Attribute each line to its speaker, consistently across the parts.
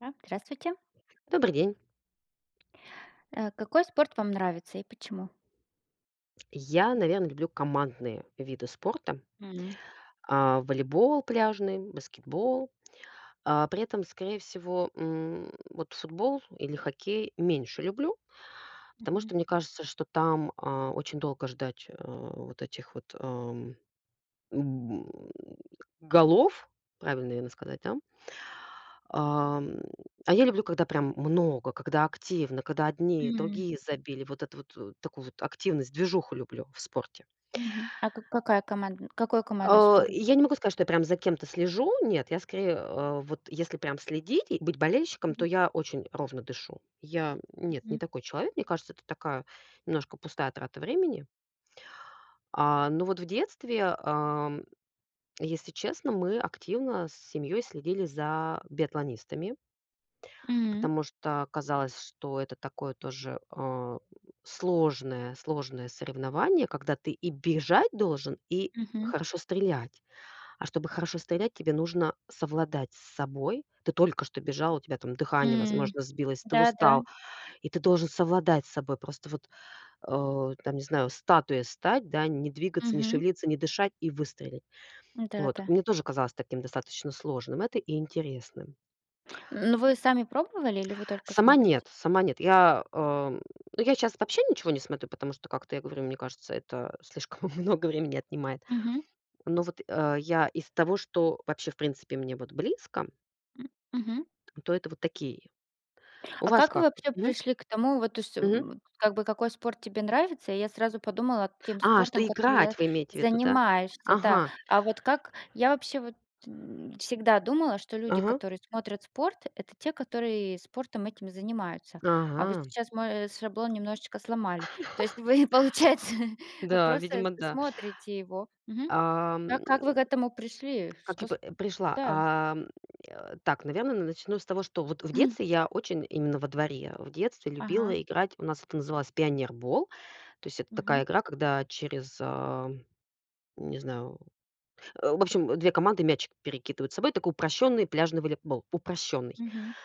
Speaker 1: А, здравствуйте.
Speaker 2: Добрый день.
Speaker 1: Э, какой спорт вам нравится и почему?
Speaker 2: Я, наверно, люблю командные виды спорта
Speaker 1: М.
Speaker 2: а, волейбол пляжный, баскетбол. А, при этом, скорее всего, м, вот футбол или хоккей меньше люблю, потому
Speaker 1: Мгм.
Speaker 2: что мне кажется, что там, а, очень долго ждать, э, вот этих вот, ам, голов. Правильно, наверно, сказать, да. Ам, а я люблю, когда прям много, когда активно, когда одни,
Speaker 1: М.
Speaker 2: другие забили. Вот эту вот, э, такую вот активность, движуху люблю в спорте.
Speaker 1: Мгм. А ка какая командн какой командный
Speaker 2: А,
Speaker 1: спорт?
Speaker 2: я не могу сказать, что я прям за кем-то слежу. Нет, я скорее, э, вот если прям следить и быть болельщиком, то
Speaker 1: Мгм.
Speaker 2: я очень ровно дышу. Я нет, не
Speaker 1: Мгм.
Speaker 2: такой человек. Мне кажется, это такая немножко пустая трата времени. А, ну вот в детстве, ам, если честно, мы активно с семьёй следили за биатлонистами.
Speaker 1: М.
Speaker 2: Потому что казалось, что это такое тоже, э, сложное сложное соревнование, когда ты и бежать должен, и
Speaker 1: Мгм.
Speaker 2: хорошо стрелять. А чтобы хорошо стрелять, тебе нужно совладать с собой. Ты только что бежал, у тебя там дыхание,
Speaker 1: М,
Speaker 2: возможно, сбилось, ты
Speaker 1: да да.
Speaker 2: устал, и ты должен совладать с собой. Просто вот, э, там, не знаю, статуей стать, да, не двигаться, не
Speaker 1: Мгм.
Speaker 2: шевелиться, не дышать и выстрелить.
Speaker 1: Да
Speaker 2: Вот.
Speaker 1: да.
Speaker 2: Мне тоже казалось таким достаточно сложным это и интересным.
Speaker 1: Но вы сами пробовали или вы только
Speaker 2: Сама-
Speaker 1: смотрите?
Speaker 2: нет, сама- нет. Я, эм, ну, я щас вообще ничего не смотрю, потому что, как-то я говорю, мне кажется, это слишком много времени отнимает.
Speaker 1: Мгм.
Speaker 2: Но вот, э, я из того, что вообще, в принципе, мне вот близко
Speaker 1: М, мгм.
Speaker 2: то это вот такие. У
Speaker 1: А
Speaker 2: вас
Speaker 1: как вы
Speaker 2: как?
Speaker 1: вообще
Speaker 2: Мгм.
Speaker 1: пришли к тому, вот, то есть,
Speaker 2: Мгм.
Speaker 1: м, как бы какой спорт тебе нравится? И я сразу подумала тем
Speaker 2: А,
Speaker 1: спортом,
Speaker 2: что
Speaker 1: который я
Speaker 2: играть вы имеете в виду, да?
Speaker 1: занимаешься, да.
Speaker 2: Ага.
Speaker 1: А вот как, я вообще вот всегда думала, что люди,
Speaker 2: Ага.
Speaker 1: которые смотрят спорт- это те, которые спортом этим и занимаются. А вы
Speaker 2: Ага.
Speaker 1: сейчас мой, э, шаблон немножечко сломали. То есть вы, получается, э,
Speaker 2: Да,
Speaker 1: просто
Speaker 2: видимо, да.
Speaker 1: смотрите его. Мгм.
Speaker 2: А,
Speaker 1: Как
Speaker 2: м,
Speaker 1: как вы к этому пришли?
Speaker 2: как
Speaker 1: Что
Speaker 2: я
Speaker 1: с
Speaker 2: п
Speaker 1: м,
Speaker 2: пришла.
Speaker 1: да.
Speaker 2: А, м, э. Так, наверно, н начну с того, что вот в
Speaker 1: М.
Speaker 2: детстве я очень именно во дворе в детстве
Speaker 1: Ага.
Speaker 2: любила играть. У нас это называлось пионербол. То есть, это такая
Speaker 1: Мгм.
Speaker 2: игра, когда через, ам, не знаю. В общем, 2 команды мячик перекидывают собой. Такой упрощённый пляжный волейбол. Упрощённый.
Speaker 1: Мгм.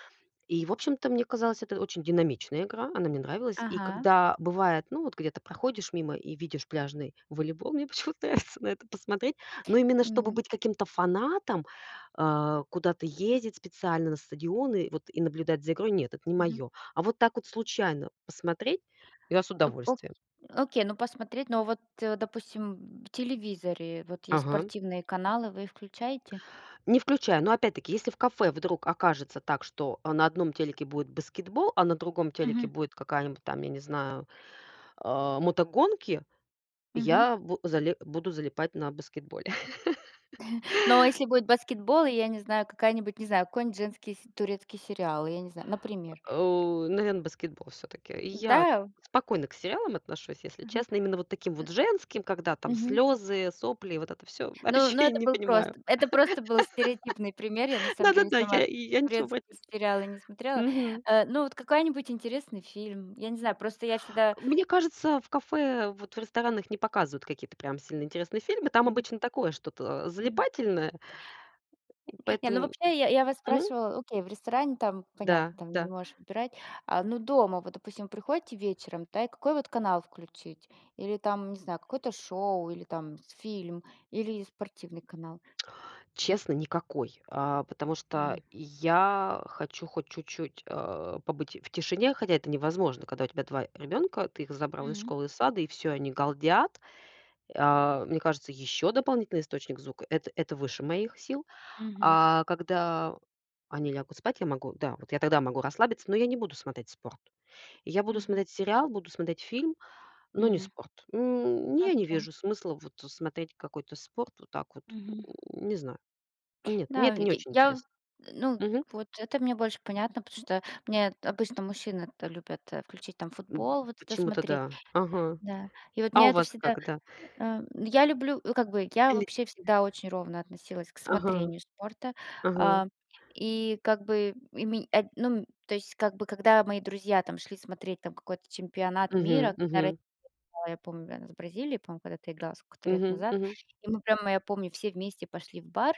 Speaker 2: И, в общем-то, мне казалось, это очень динамичная игра. Она мне нравилась. И
Speaker 1: Ага.
Speaker 2: когда бывает, ну вот где-то проходишь мимо и видишь пляжный волейбол, мне почему-то нравится на это посмотреть. Но именно чтобы
Speaker 1: Мгм.
Speaker 2: быть каким-то фанатом, а, куда-то ездить специально на стадионы, вот, и наблюдать за игрой- нет, это не
Speaker 1: Мгм.
Speaker 2: моё. А вот так вот случайно посмотреть- я с
Speaker 1: Ну о
Speaker 2: удовольствием.
Speaker 1: окей, ну, посмотреть. Но вот, э, допустим, м, в телевизоре вот есть
Speaker 2: Ага.
Speaker 1: спортивные каналы, вы их включаете?
Speaker 2: Не включай. Но опять-таки, если в кафе вдруг окажется так, что, а на одном телеке будет баскетбол, а на другом телеке
Speaker 1: Мгм.
Speaker 2: будет какая-нибудь там, я не знаю, а, мотогонки,
Speaker 1: Мгм.
Speaker 2: я бу зале буду залипать на баскетболе.
Speaker 1: Но если будет баскетбол и, я не знаю, какая-нибудь, не знаю, какой-нить, женский се турецкий сериал, я не знаю.
Speaker 2: Э,
Speaker 1: Например.
Speaker 2: о, наверно, баскетбол всё-таки. Я
Speaker 1: Да, у
Speaker 2: спокойно к сериалам отношусь, если
Speaker 1: Мгм,
Speaker 2: честно. Именно вот таким вот женским, когда там
Speaker 1: мгм.
Speaker 2: слёзы, сопли и вот это всё.
Speaker 1: Но
Speaker 2: Вообще
Speaker 1: но
Speaker 2: я
Speaker 1: это
Speaker 2: не
Speaker 1: был
Speaker 2: понимаю.
Speaker 1: просто это просто был стереотипный пример. Я на
Speaker 2: Да
Speaker 1: самом
Speaker 2: да
Speaker 1: деле
Speaker 2: да.
Speaker 1: сама
Speaker 2: Я и я ничего в эт
Speaker 1: турецкие сериалы не смотрела.
Speaker 2: Мгм.
Speaker 1: Э, ну, вот какая-нибудь интересный фильм. Я не знаю, просто я всегда
Speaker 2: Мне кажется, в кафе, вот в ресторанах не показывают какие-то прям сильно интересные фильмы. Там
Speaker 1: М.
Speaker 2: обычно такое что-то, а,
Speaker 1: М.
Speaker 2: залипательное.
Speaker 1: Э,
Speaker 2: И
Speaker 1: не, ну
Speaker 2: поэтому
Speaker 1: вообще, я я вас
Speaker 2: мгм.
Speaker 1: спрашивала, окей, в ресторане, там,
Speaker 2: Да,
Speaker 1: понятно, там не
Speaker 2: да.
Speaker 1: можешь выбирать. А, но дома вот, допустим, приходите вечером, да, и какой, вот, канал включить? Или, там, не знаю, какое-то шоу, или там фильм, или спортивный канал?
Speaker 2: Честно, никакой. А, потому что
Speaker 1: М.
Speaker 2: я хочу хоть чуть-чуть, а, побыть в тишине, хотя это невозможно. Когда у тебя 2 ребёнка, ты их забрал из
Speaker 1: М.
Speaker 2: школы и сада, и всё, они галдят. А, мне кажется, ещё дополнительный источник звука- это это выше моих сил.
Speaker 1: Мгм.
Speaker 2: А когда они лягут спать, я могу. Да, вот я тогда могу расслабиться, но я не буду смотреть спорт. Я буду
Speaker 1: Мгм.
Speaker 2: смотреть сериал, буду смотреть фильм, но не
Speaker 1: М.
Speaker 2: спорт. М,
Speaker 1: А
Speaker 2: я не
Speaker 1: кем?
Speaker 2: вижу смысла вот смотреть какой-то спорт вот так вот.
Speaker 1: Мгм.
Speaker 2: Не знаю. Нет, мне
Speaker 1: Да,
Speaker 2: это
Speaker 1: я
Speaker 2: не очень
Speaker 1: я
Speaker 2: интересно.
Speaker 1: ну,
Speaker 2: Мгм.
Speaker 1: вот это мне больше понятно, потому что мне обычно мужчины это любят, э, включить там
Speaker 2: М,
Speaker 1: футбол, вот это
Speaker 2: почему-то
Speaker 1: смотреть.
Speaker 2: да. Ага.
Speaker 1: Да. И вот
Speaker 2: А
Speaker 1: меня
Speaker 2: у
Speaker 1: это
Speaker 2: вас
Speaker 1: всегда
Speaker 2: как, да
Speaker 1: Э, я люблю, э, как бы я
Speaker 2: Или
Speaker 1: вообще всегда очень ровно относилась к
Speaker 2: Ага,
Speaker 1: смотрению спорта,
Speaker 2: ага.
Speaker 1: а И как бы, и ме а, ну, то есть, как бы, когда мои друзья там шли смотреть там какой-то чемпионат
Speaker 2: Мгм
Speaker 1: мира, когда ро
Speaker 2: мгм.
Speaker 1: да, я помню. Она с Бразилией, по-моему, когда-то играла сколько-то лет
Speaker 2: Мгм
Speaker 1: назад,
Speaker 2: мгм.
Speaker 1: и мы прямо, я помню, все вместе пошли в бар.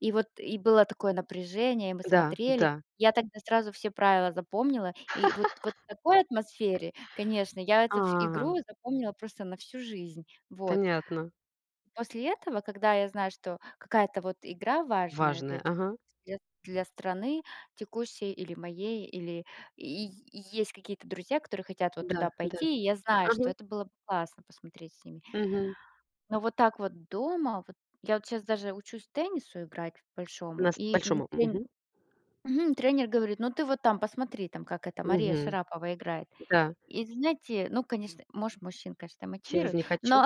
Speaker 1: И вот, и было такое напряжение, и мы
Speaker 2: Да,
Speaker 1: смотрели.
Speaker 2: да.
Speaker 1: Я тогда сразу все правила запомнила, и вот вот такой атмосфере, конечно, я эту ф
Speaker 2: А.
Speaker 1: игру запомнила просто на всю жизнь. Вот.
Speaker 2: Понятно.
Speaker 1: После этого, когда я знаю, что какая-то вот игра важная для
Speaker 2: Важное,
Speaker 1: ч
Speaker 2: ага.
Speaker 1: [unintelligible] для для страны текущей или моей, или и и есть какие-то друзья, которые хотят вот
Speaker 2: Да
Speaker 1: туда
Speaker 2: да.
Speaker 1: пойти. И я знаю, что
Speaker 2: Ага.
Speaker 1: это было бы классно посмотреть с ними.
Speaker 2: Мгм.
Speaker 1: Но вот так вот дома, вот, я вот щас даже учусь теннису играть большому,
Speaker 2: Нас
Speaker 1: и м
Speaker 2: большому.
Speaker 1: тре
Speaker 2: Мгм.
Speaker 1: Мгм, тренер говорит: "Ну ты, вот, там посмотри, там как, эта, Мария
Speaker 2: Мгм.
Speaker 1: Шарапова играет".
Speaker 2: Да.
Speaker 1: И знаете, ну, конечно, может, мужчин, конечно,
Speaker 2: Через
Speaker 1: мотивирует,
Speaker 2: не хочу?
Speaker 1: но,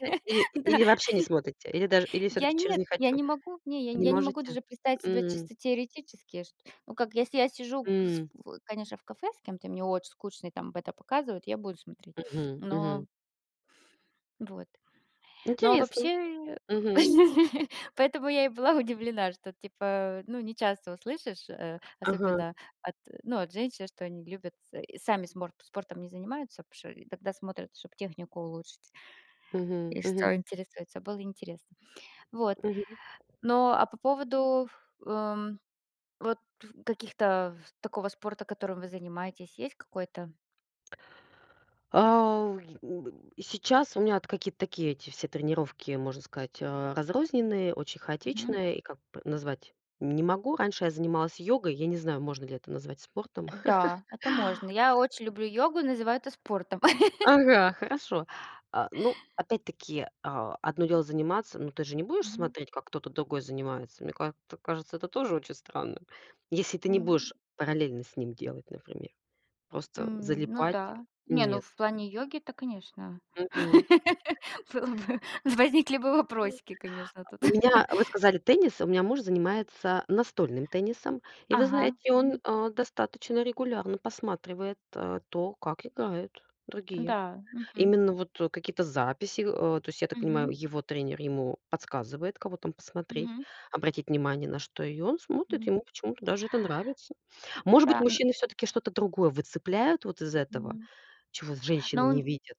Speaker 2: Э, или
Speaker 1: да.
Speaker 2: или вообще не смотрите? Или даже, или
Speaker 1: Я-
Speaker 2: всё-таки через
Speaker 1: нет.
Speaker 2: не
Speaker 1: Я
Speaker 2: хочу?
Speaker 1: не могу, не, я не
Speaker 2: Не
Speaker 1: я не могу
Speaker 2: можете?
Speaker 1: даже представить себе
Speaker 2: М.
Speaker 1: чисто теоретически ш ну как, если я сижу, кыс
Speaker 2: М.
Speaker 1: в конечно, в кафе с кем-то и мне очень скучно, и там это показывают, я буду смотреть.
Speaker 2: Мгм,
Speaker 1: Но
Speaker 2: мгм.
Speaker 1: Вот. Но, а
Speaker 2: Интересно.
Speaker 1: вообще, в
Speaker 2: Мгм.
Speaker 1: поэтому я и была удивлена, что, типа, ну, не часто услышишь, э,
Speaker 2: Ага.
Speaker 1: особенно от, ну, от женщин, что они любят с сами сморт спортом не занимаются, потому что и тогда смотрят, чтоб технику улучшить.
Speaker 2: Мгм,
Speaker 1: И
Speaker 2: мгм.
Speaker 1: что интересуется. Было интересно. Вот.
Speaker 2: Мгм.
Speaker 1: Но, а по поводу, эм, вот ф каких-то ф такого спорта, которым вы занимаетесь, есть какой-то?
Speaker 2: А, в э, й н б и сейчас у меня вот какие-то такие эти все тренировки, можно сказать, а, разрозненные, очень
Speaker 1: Мгм.
Speaker 2: хаотичные. И, как бы, назвать не могу. Раньше я занималась йогой. Я не знаю, можно ли это назвать спортом.
Speaker 1: Э, да. Это можно. Я очень люблю йогу и называю это спортом.
Speaker 2: Ага, хорошо. А, ну, опять-таки, а, одно дело заниматься. Но ты же не будешь
Speaker 1: Мгм.
Speaker 2: смотреть, как кто-то другой занимается. Мне ка ц кажется, это тоже очень странным. Если ты не
Speaker 1: М.
Speaker 2: будешь параллельно с ним делать, например. Просто
Speaker 1: М, ну
Speaker 2: залипать?
Speaker 1: да. Не, ну
Speaker 2: Нет.
Speaker 1: в плане йоги-то, конечно,
Speaker 2: Мгм.
Speaker 1: было бы, возникли бы вопросики, конечно, тут.
Speaker 2: У меня, вы сказали, теннис? У меня муж занимается настольным теннисом. И вы
Speaker 1: Ага,
Speaker 2: знаете, он,
Speaker 1: мгм.
Speaker 2: а, достаточно регулярно посматривает, э, то, как играют другие.
Speaker 1: Н-да. Мгм.
Speaker 2: Именно вот, э, какие-то записи. Э, то есть, я так понимаю,
Speaker 1: Мгм.
Speaker 2: его тренер ему подсказывает, кого там посмотреть,
Speaker 1: Мгм.
Speaker 2: обратить внимание на что, и он смотрит.
Speaker 1: М.
Speaker 2: Ему почему-то даже это нравится. Может быть,
Speaker 1: Да, н
Speaker 2: мужчины всё-таки что-то другое выцепляют вот из этого,
Speaker 1: М.
Speaker 2: чего женщины
Speaker 1: Но
Speaker 2: не
Speaker 1: он
Speaker 2: видят?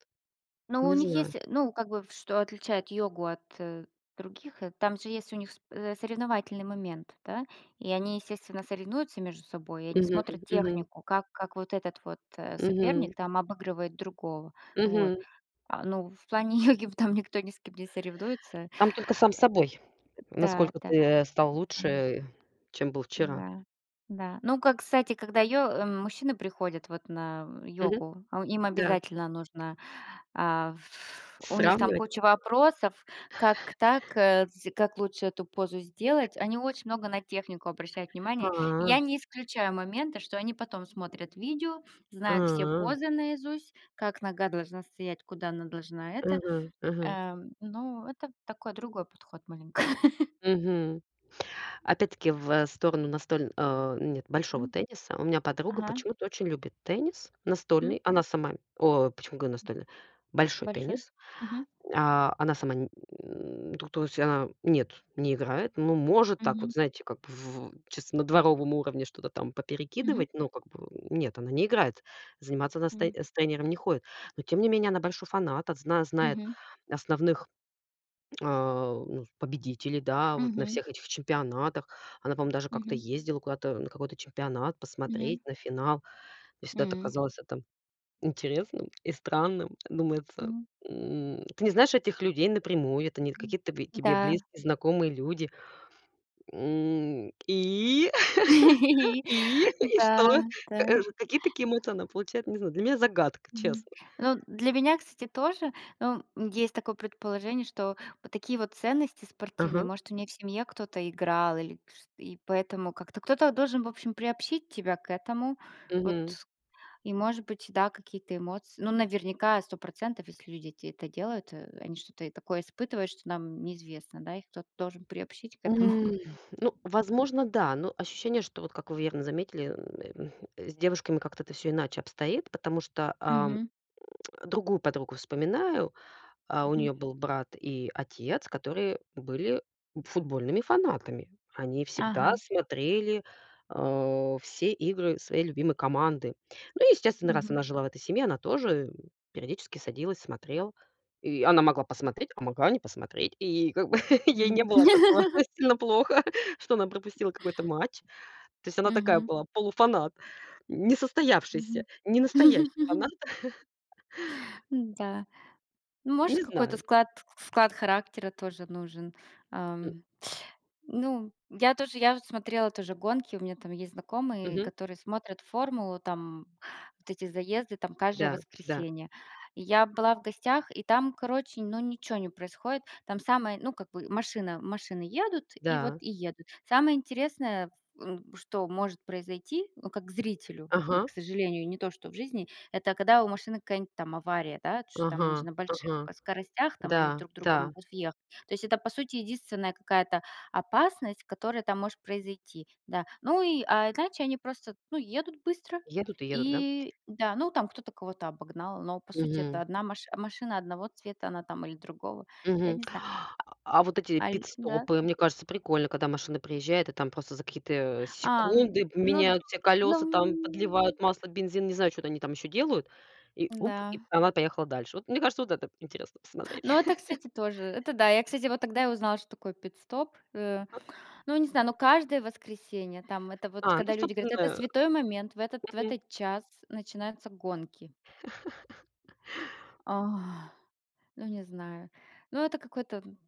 Speaker 1: но у
Speaker 2: Не
Speaker 1: них
Speaker 2: знаю.
Speaker 1: есть, э, ну, как бы, в что отличает йогу от, э, других, э, там же есть у них с э, соревновательный момент, да? И они, естественно, соревнуются между собой, и они
Speaker 2: Мгм
Speaker 1: смотрят
Speaker 2: мгм.
Speaker 1: технику, как как вот этот вот, э,
Speaker 2: Мгм.
Speaker 1: соперник там обыгрывает другого. Вот.
Speaker 2: Мгм.
Speaker 1: А, ну, в плане йоги в там никто ни с кем не соревнуется. А.
Speaker 2: Там только сам с собой.
Speaker 1: Да
Speaker 2: Насколько ты,
Speaker 1: да.
Speaker 2: э, стал лучше, чем был вчера.
Speaker 1: Н-да. Да. Ну как, кстати, когда йо э, мужчины приходят вот на
Speaker 2: Мгм.
Speaker 1: йогу, а им
Speaker 2: Да.
Speaker 1: обязательно нужно, а, ф У них там
Speaker 2: Сравнивать?
Speaker 1: куча вопросов. Как так, э, кстати как лучше эту позу сделать? Они очень много на технику обращают внимание. Я
Speaker 2: А.
Speaker 1: не исключаю моменты, что они потом смотрят видео, знают все
Speaker 2: А.
Speaker 1: позы наизусть, как нога должна стоять, куда она должна это.
Speaker 2: Мгм мгм.
Speaker 1: Эм, ну, это такой другой подход маленько.
Speaker 2: Мгм. Опять-таки в, э, сторону настоль а, нет, большого
Speaker 1: Мгм.
Speaker 2: тенниса. У меня подруга
Speaker 1: Ага.
Speaker 2: почему-то очень любит теннис.
Speaker 1: Мгм.
Speaker 2: Настольный. Она сама о, почему говорю настольный? Большой
Speaker 1: Большой.
Speaker 2: теннис.
Speaker 1: Мгм.
Speaker 2: А, она сама то то есть, а, нет, не играет. Ну, может, так вот,
Speaker 1: Мгм.
Speaker 2: знаете, как чисто на дворовом уровне что-то там
Speaker 1: Мгм.
Speaker 2: поперекидывать. Ну, как бы, нет, она не играет. Заниматься она с тэ
Speaker 1: М.
Speaker 2: с тренером не ходит. Но, тем не менее, она большой фанат. От зна знает
Speaker 1: Мгм.
Speaker 2: основных, а, ну, с победителей. Да. Вот на
Speaker 1: Мгм.
Speaker 2: всех этих чемпионатах. Она, по-моему, даже как-то
Speaker 1: Мгм.
Speaker 2: ездила куда-то на какой-то чемпионат
Speaker 1: Мгм.
Speaker 2: посмотреть на финал. Мне всегда это
Speaker 1: М.
Speaker 2: казалось, а, там, интересным и странным. Думается,
Speaker 1: М.
Speaker 2: м. Ты не знаешь этих людей напрямую. Это не ль
Speaker 1: Мгм,
Speaker 2: какие-то тв тебе
Speaker 1: да.
Speaker 2: близкие знакомые люди. М, и?
Speaker 1: И
Speaker 2: И? И что?
Speaker 1: да да.
Speaker 2: Каж какие такие эмоции она получает? Не знаю. Для меня- загадка.
Speaker 1: Мгм.
Speaker 2: Честно.
Speaker 1: Ну, для меня, кстати, тоже. Ну, м, есть такое предположение, что вот такие вот ценности спортивные,
Speaker 2: Ага.
Speaker 1: может, у неё в семье кто-то играл или кш и поэтому как-то кто-то должен, в общем, приобщить тебя к этому. Вот
Speaker 2: Мгм.
Speaker 1: и может быть, да, какие-то эмоции. Ну, наверняка, 100 %, если люди эти это делают, э, они что-то такое испытывают, что нам неизвестно, да, их кто-то должен приобщить к
Speaker 2: М,
Speaker 1: этому.
Speaker 2: Ну, возможно, да, но ощущение, что, вот как вы верно заметили, м, эм, с девушками как-то это всё иначе обстоит. Потому что, ам,
Speaker 1: Мгм.
Speaker 2: другую подругу вспоминаю. А, у
Speaker 1: Мгм.
Speaker 2: неё был брат и отец, которые были футбольными фанатами. Они всегда
Speaker 1: Ага.
Speaker 2: смотрели, э, все игры своей любимой команды. Ну, естественно, раз
Speaker 1: Мгм.
Speaker 2: она жила в этой семье, она тоже периодически садилась, смотрела. И она могла посмотреть, а могла не посмотреть. И как бы ей не
Speaker 1: Мгм.
Speaker 2: было от такого сильно плохо, что она пропустила какой-то матч. То есть она такая
Speaker 1: Мгм.
Speaker 2: была полуфанат. Несостоявшийся,
Speaker 1: Мгм.
Speaker 2: ненастоящий фанат.
Speaker 1: Н-да. Ну, может,
Speaker 2: Не
Speaker 1: какой-то
Speaker 2: знаю.
Speaker 1: склад склад характера тоже нужен, ам. Ну, я тоже, я вот смотрела тоже гонки, у меня там есть знакомые,
Speaker 2: Мгм.
Speaker 1: которые смотрят "Формулу", там, вот эти заезды там каждое
Speaker 2: Да да.
Speaker 1: воскресенье. И я была в гостях, и там, короче, ну, ничё не происходит. Там самое, ну, как бы машина машины едут, и вот
Speaker 2: Да.
Speaker 1: и едут. Самое интересное, ф м, что может произойти, ну, как зрителю, м,
Speaker 2: Ага.
Speaker 1: к сожалению, не то, что в жизни, это когда у машины какая-нибудь там авария, да. Чё-то там они же
Speaker 2: Ага,
Speaker 1: на больших,
Speaker 2: ага.
Speaker 1: э, скоростях, там, они в
Speaker 2: Да,
Speaker 1: друг друга
Speaker 2: да.
Speaker 1: могут въехать. То есть, это, по сути, единственная какая-то опасность, которая там может произойти. Да. Ну и, а иначе они просто, ну, едут быстро.
Speaker 2: Едут и едут, да?
Speaker 1: И да. Ну там кто-то кого-то обогнал, но, по сути, это
Speaker 2: Мгм.
Speaker 1: одна маш машина одного цвета, она там или другого. Я
Speaker 2: Мгм.
Speaker 1: не знаю.
Speaker 2: А вот эти
Speaker 1: Аль да?
Speaker 2: пит-стопы, мне кажется, прикольно, когда машина приезжает и там просто за какие-то,
Speaker 1: А, н
Speaker 2: секунды
Speaker 1: ну,
Speaker 2: поменяют все колёса, там,
Speaker 1: ну.
Speaker 2: подливают масло, бензин, не знаю, чё-то они там ещё делают. И уп, и
Speaker 1: Да.
Speaker 2: п она поехала дальше. Вот, мне кажется, вот это интересно посмотреть.
Speaker 1: Ну, это, кстати, тоже. Это да. Я, кстати, вот тогда и узнала, что такое пит-стоп. Э,
Speaker 2: А
Speaker 1: ну, я не знаю, но каждое воскресенье, там, это вот
Speaker 2: А, ну,
Speaker 1: когда люди говорят: "Это
Speaker 2: собственно.
Speaker 1: святой момент". В этот в
Speaker 2: Мгм.
Speaker 1: этот час начинаются гонки. Ну не знаю. Ну, это какой-то, м.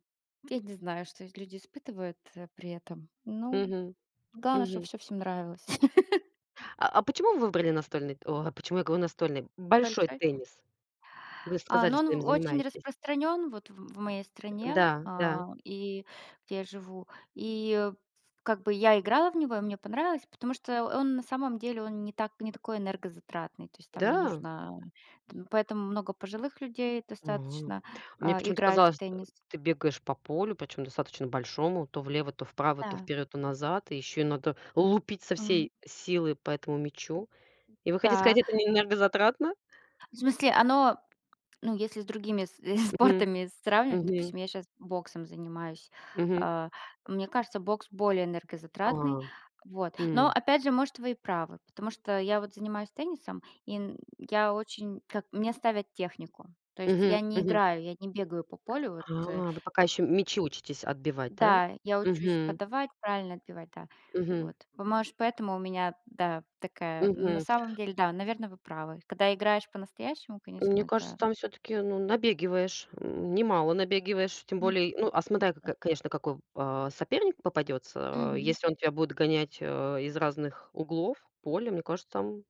Speaker 1: Я не знаю, что эти люди испытывают, э, при этом. Ну,
Speaker 2: Мгм,
Speaker 1: главное, чтобы
Speaker 2: мгм.
Speaker 1: всё всем нравилось.
Speaker 2: А а почему вы выбрали настольный те О, а почему я говорю настольный? Большой
Speaker 1: Большой?
Speaker 2: теннис. Вы
Speaker 1: А,
Speaker 2: сказали,
Speaker 1: ну,
Speaker 2: что
Speaker 1: он
Speaker 2: им
Speaker 1: очень
Speaker 2: занимаетесь.
Speaker 1: распространён, вот, в м в моей
Speaker 2: Э,
Speaker 1: стране,
Speaker 2: да да.
Speaker 1: а, и где я живу. И, ф как бы я играла в него, и мне понравилось, потому что он на самом деле, он не так не такой энергозатратный. То есть там не
Speaker 2: Да?
Speaker 1: нужно т поэтому много пожилых людей
Speaker 2: А.
Speaker 1: достаточно,
Speaker 2: Мне
Speaker 1: а,
Speaker 2: почему-то
Speaker 1: играют в
Speaker 2: казалось, э,
Speaker 1: теннис.
Speaker 2: ты бегаешь по полю, причём достаточно большому, то влево, то вправо, то
Speaker 1: Да.
Speaker 2: вперёд, то назад. И ещё и надо лупить со
Speaker 1: Мгм.
Speaker 2: всей силы по этому мячу. И вы хотите сказать,
Speaker 1: Да.
Speaker 2: это не энергозатратно?
Speaker 1: В смысле, оно, ну, если с другими с
Speaker 2: Мгм,
Speaker 1: спортами сравнивать.
Speaker 2: мгм.
Speaker 1: Допустим, я щас боксом занимаюсь.
Speaker 2: Мгм.
Speaker 1: Э, мне кажется, бокс более энергозатратный.
Speaker 2: А,
Speaker 1: Вот. Но,
Speaker 2: м.
Speaker 1: опять же, может, вы и правы, потому что я вот занимаюсь теннисом, и н я очень как мне ставят технику. То есть
Speaker 2: Мгм,
Speaker 1: я не
Speaker 2: мгм.
Speaker 1: играю, я не бегаю по полю вот
Speaker 2: А,
Speaker 1: э
Speaker 2: вы пока ещё мячи учитесь отбивать, да?
Speaker 1: Да, я учусь
Speaker 2: Мгм.
Speaker 1: подавать, правильно отбивать. Да, вот.
Speaker 2: Мгм.
Speaker 1: Па может, поэтому у меня, да, такая. Ну, на
Speaker 2: Мгм.
Speaker 1: самом деле, да, наверно, вы правы. Когда играешь по-настоящему, конечно,
Speaker 2: Мне кажется,
Speaker 1: это
Speaker 2: там всё-таки, ну, набегиваешь. М, немало набегиваешь. Тем
Speaker 1: Мгм,.
Speaker 2: более, ну, а смотря, ко
Speaker 1: [unintelligible]
Speaker 2: ко конечно, какой, а, соперник попадётся.
Speaker 1: Мгм.
Speaker 2: Если он тебя будет гонять, а, из разных углов поля, мне кажется, там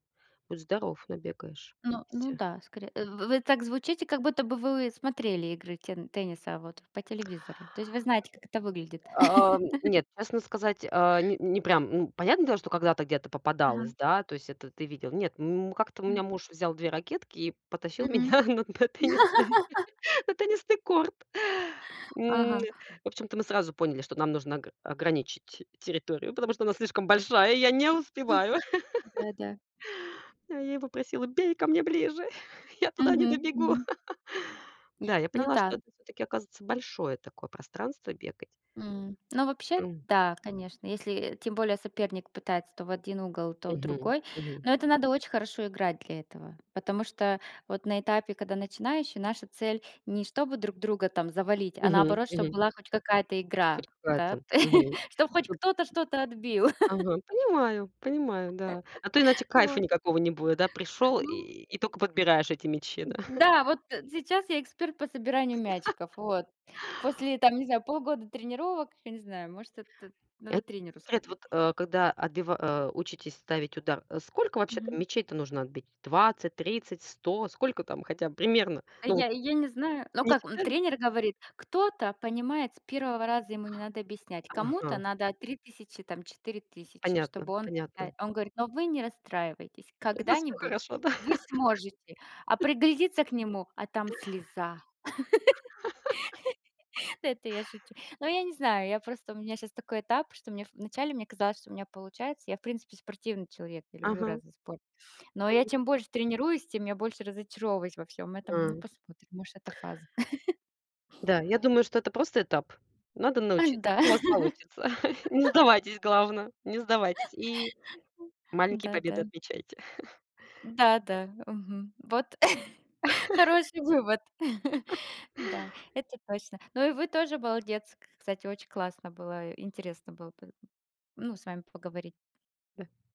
Speaker 2: будь здоров набегаешься.
Speaker 1: Ну, ну да, скоре вы вы так звучите, как будто бы вы, э, смотрели игры тен тенниса, вот, по телевизору. То есть вы знаете, как это выглядит.
Speaker 2: А, ам. Нет, честно сказать, а, не не прям. Ну, понятне дело, что когда-то где-то попадалось,
Speaker 1: Ага.
Speaker 2: да, то есть, это ты видел. Нет, м, у как-то у
Speaker 1: Мгм.
Speaker 2: меня муж взял 2 ракетки и потащил
Speaker 1: Мгм.
Speaker 2: меня на на теннисный, на теннисный корт. М, н
Speaker 1: Ага.
Speaker 2: в общем-то, мы сразу поняли, что нам нужна г ограничить территорию, потому что она слишком большая, и я не успеваю.
Speaker 1: Да да.
Speaker 2: А я его просила: "Бей ко мне ближе! Я туда не
Speaker 1: Мгм
Speaker 2: добегу!"
Speaker 1: мгм.
Speaker 2: Да, я
Speaker 1: Ну
Speaker 2: поняла, что
Speaker 1: да.
Speaker 2: это всё-таки оказывается большое такое пространство бегать.
Speaker 1: М, ну, вообще,
Speaker 2: М.
Speaker 1: да, конечно. Если тем более соперник пытается то в один угол, то в
Speaker 2: Мгм,
Speaker 1: другой.
Speaker 2: мгм.
Speaker 1: Но это надо очень хорошо играть для этого, потому что вот на этапе, когда начинающий, наша цель- не чтобы друг друга там завалить, а
Speaker 2: Мгм,
Speaker 1: наоборот, чтоб
Speaker 2: мгм.
Speaker 1: была хоть какая-то игра,
Speaker 2: Хоть
Speaker 1: да,
Speaker 2: какая-то, мгм.
Speaker 1: чтоб хоть
Speaker 2: Чтоб
Speaker 1: кто-то что-то отбил.
Speaker 2: Ага. Понимаю понимаю, да. А то иначе кайфа
Speaker 1: Вот.
Speaker 2: никакого не будет, да, пришёл
Speaker 1: Ну.
Speaker 2: и тока подбираешь эти мячи, да?
Speaker 1: Да, вот, э, сейчас я эксперт по собиранию мячиков, вот. После, там, не знаю, полгода тренировок, я не знаю, может, это надо
Speaker 2: Ет
Speaker 1: тренеру
Speaker 2: секрет,
Speaker 1: сказать.
Speaker 2: вот, э, когда отбива э, учитесь ставить удар, э, сколько вообще там
Speaker 1: Мгм.
Speaker 2: мячей-то нужно отбить? 20, 30, 100 Сколько там хотя б примерно?
Speaker 1: А
Speaker 2: Ну
Speaker 1: я
Speaker 2: вот
Speaker 1: я не знаю. Ну,
Speaker 2: Не
Speaker 1: как, м,
Speaker 2: считали?
Speaker 1: тренер говорит: "Кто-то понимает с 1 раза, ему не надо объяснять". Кому-то
Speaker 2: Ага.
Speaker 1: надо 3000, там, 4000, чтобы
Speaker 2: Понятно
Speaker 1: он. [unintelligible]
Speaker 2: понятно.
Speaker 1: Он говорит: "Но вы не расстраивайтесь.
Speaker 2: У вас всё
Speaker 1: Когда-нибудь
Speaker 2: хорошо, да.
Speaker 1: вы сможете". А приглядиться к нему, а там слеза. Но это я шучу. Но я не знаю, я просто, у меня щас такой этап, что мне в начале мне казалось, что у меня получается. Я, в принципе, спортивный человек. Я люблю
Speaker 2: Ага.
Speaker 1: разный спорт. Но я
Speaker 2: Мгм.
Speaker 1: чем больше тренируюсь, тем я больше разочаровываюсь во всём этом. Ну,
Speaker 2: А.
Speaker 1: посмотрим, может, это фаза.
Speaker 2: Да, я думаю, что это просто этап. Надо
Speaker 1: А,
Speaker 2: научиться.
Speaker 1: да.
Speaker 2: Всё у вас получится. Не сдавайтесь, главно. Не сдавайтесь и маленькие
Speaker 1: Да
Speaker 2: победы
Speaker 1: да.
Speaker 2: отмечайте.
Speaker 1: Да да, мгм. Вот. Хороший вывод. Да, это точно. Но и вы тоже молодец. К кстати, очень классно было. Интересно было па ну, с вами поговори